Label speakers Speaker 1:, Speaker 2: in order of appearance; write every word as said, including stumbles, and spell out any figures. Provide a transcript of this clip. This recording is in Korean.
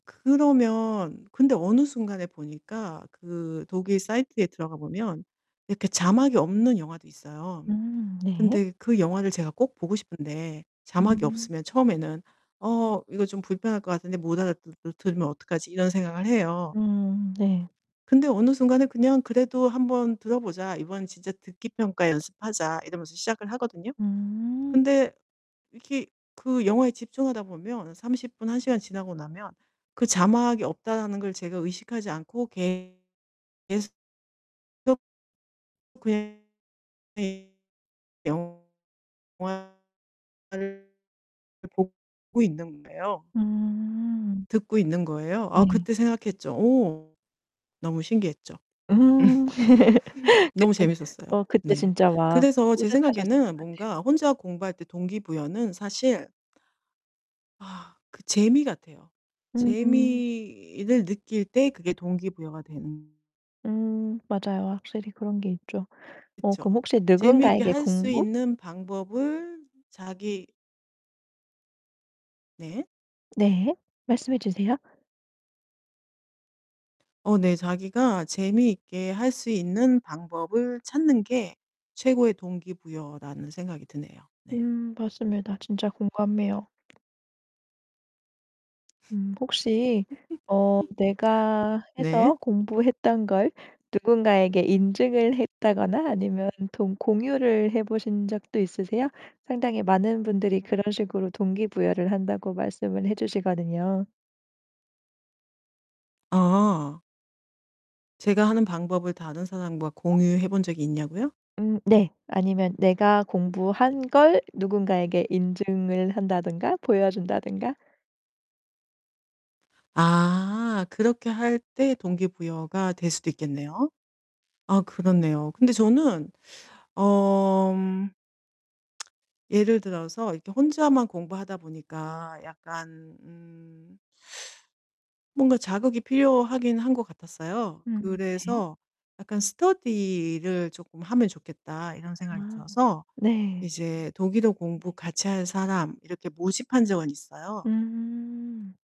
Speaker 1: 그러면 근데 어느 순간에 보니까 그 독일 사이트에 들어가 보면 이렇게 자막이 없는 영화도 있어요.
Speaker 2: 음 네.
Speaker 1: 근데 그 영화를 제가 꼭 보고 싶은데 자막이
Speaker 2: 음.
Speaker 1: 없으면 처음에는 '어 이거 좀 불편할 것 같은데 못 알아 드 드 들으면 어떡하지?' 이런 생각을 해요.
Speaker 2: 음 네.
Speaker 1: 근데 어느 순간에 그냥 '그래도 한번 들어 보자. 이번엔 진짜 듣기 평가 연습하자.' 이러면서 시작을 하거든요.
Speaker 2: 음.
Speaker 1: 근데 이렇게 그 영화에 집중하다 보면 삼십 분, 한 시간 지나고 나면 그 '자막이 없다.'라는 걸 제가 의식하지 않고 계 계스 속 [unintelligible] 영화를 그걸 보고 있는 거예요.
Speaker 2: 음.
Speaker 1: 듣고 있는 거예요. 아
Speaker 2: 네.
Speaker 1: 그때 생각했죠. 오 너무 신기했죠.
Speaker 2: 음.
Speaker 1: 너무
Speaker 2: 그때
Speaker 1: 재밌었어요
Speaker 2: 어 그때
Speaker 1: 네.
Speaker 2: 진짜 막
Speaker 1: 그래서 제
Speaker 2: 뿌듯하셨을 것
Speaker 1: 생각에는
Speaker 2: 같아요.
Speaker 1: 뭔가 혼자 공부할 때 동기 부여는 사실 아 그 재미 같아요.
Speaker 2: 음음.
Speaker 1: 재미를 느낄 때 그게 동기 부여가 되는
Speaker 2: 음 맞아요. 확실히 그런 게 있죠. 어 그럼
Speaker 1: 그쵸.
Speaker 2: 혹시
Speaker 1: 재미있게
Speaker 2: 누군가에게
Speaker 1: 할 수
Speaker 2: 공부?
Speaker 1: 있는 방법을 자기 네.
Speaker 2: 네. 말씀해 주세요.
Speaker 1: 어 네 자기가 재미있게 할 수 있는 방법을 찾는 게 최고의 동기 부여라는 생각이 드네요. 네.
Speaker 2: 음 맞습니다. 진짜 공감해요. 음 혹시 어 내가 해서
Speaker 1: 네.
Speaker 2: 공부했던 걸 누군가에게 인증을 했다거나 아니면 동 공유를 해 보신 적도 있으세요? 상당히 많은 분들이 그런 식으로 동기 부여를 한다고 말씀을 해 주시거든요.
Speaker 1: 아. 제가 하는 방법을 다른 사람과 공유해 본 적이 있냐고요?
Speaker 2: 음 네. 아니면 내가 공부한 걸 누군가에게 인증을 그런 한다든가 보여 준다든가.
Speaker 1: 아 그렇게 할 때 동기부여가 될 수도 있겠네요. 아 그렇네요. 근데 저는 어 예를 들어서 이렇게 혼자만 공부하다 보니까 약간 음 뭔가 자극이 필요하긴 한 것 같았어요.
Speaker 2: 음. 네.
Speaker 1: 그래서 약간 '스터디를 쪼끔 하면 좋겠다.' 이런 생각이
Speaker 2: 아
Speaker 1: 들어서
Speaker 2: 네.
Speaker 1: 이제 "독일어 공부 같이 할 사람." 이렇게 모집한 적은 있어요.
Speaker 2: 음.